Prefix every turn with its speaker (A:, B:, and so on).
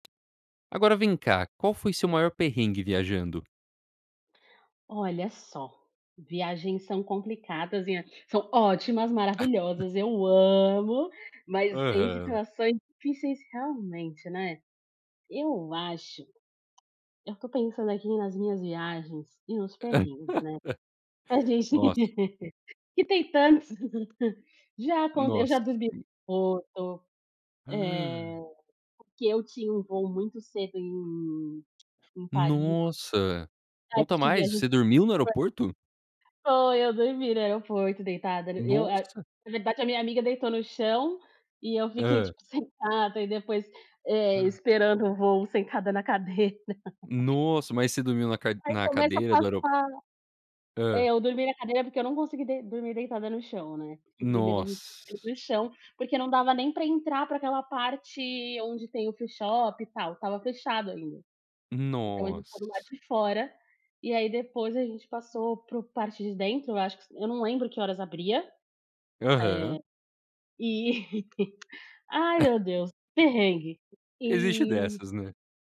A: Agora, vem cá. Qual foi seu maior perrengue viajando?
B: Olha só, viagens são complicadas e são ótimas, maravilhosas. Eu amo. Mas tem
A: Aham.
B: situações difíceis, realmente, né? Eu acho eu tô pensando aqui nas minhas viagens, e nos perrengues, né? A gente
A: Nossa.
B: que tem tantos. Já acon eu já
A: Nossa
B: dormi
A: sen
B: foto, eh,
A: Hã.
B: porque eu tinha um voo muito cedo em em Paris.
A: Nossa,
B: É
A: conta
B: porque eu
A: mais.
B: viajei
A: Você
B: cedo
A: dormiu no aeroporto?
B: [unintelligible] Foi, eu dormi no aeroporto, deitada. Eu, eh,
A: Nossa.
B: na verdade, a minha amiga deitou no chão, e eu fiquei,
A: Hã.
B: tipo, sentada e depois, eh,
A: Hã.
B: esperando o voo sentada na cadeira.
A: Nossa, mas você dormiu na cade
B: Aí,
A: na
B: começa a
A: cadeira do aero
B: passar É,
A: Hã.
B: eu dormi na cadeira, porque eu não consegui dei dormir deitada no chão, né, porque primeiro a gente [unintelligible] para
A: Nossa.
B: o chão, porque não dava nem para entrar para aquela parte onde tem o freeshop e tal. Estava fechado ainda, então a gente ficou do lado
A: Nossa!
B: de fora. E aí, depois a gente passou para o parte de dentro, eu acho. Eu não lembro que horas abria,
A: Aham.
B: eh, e ai, meu Deus. Perrengue
A: Existe
B: e
A: dessas, né?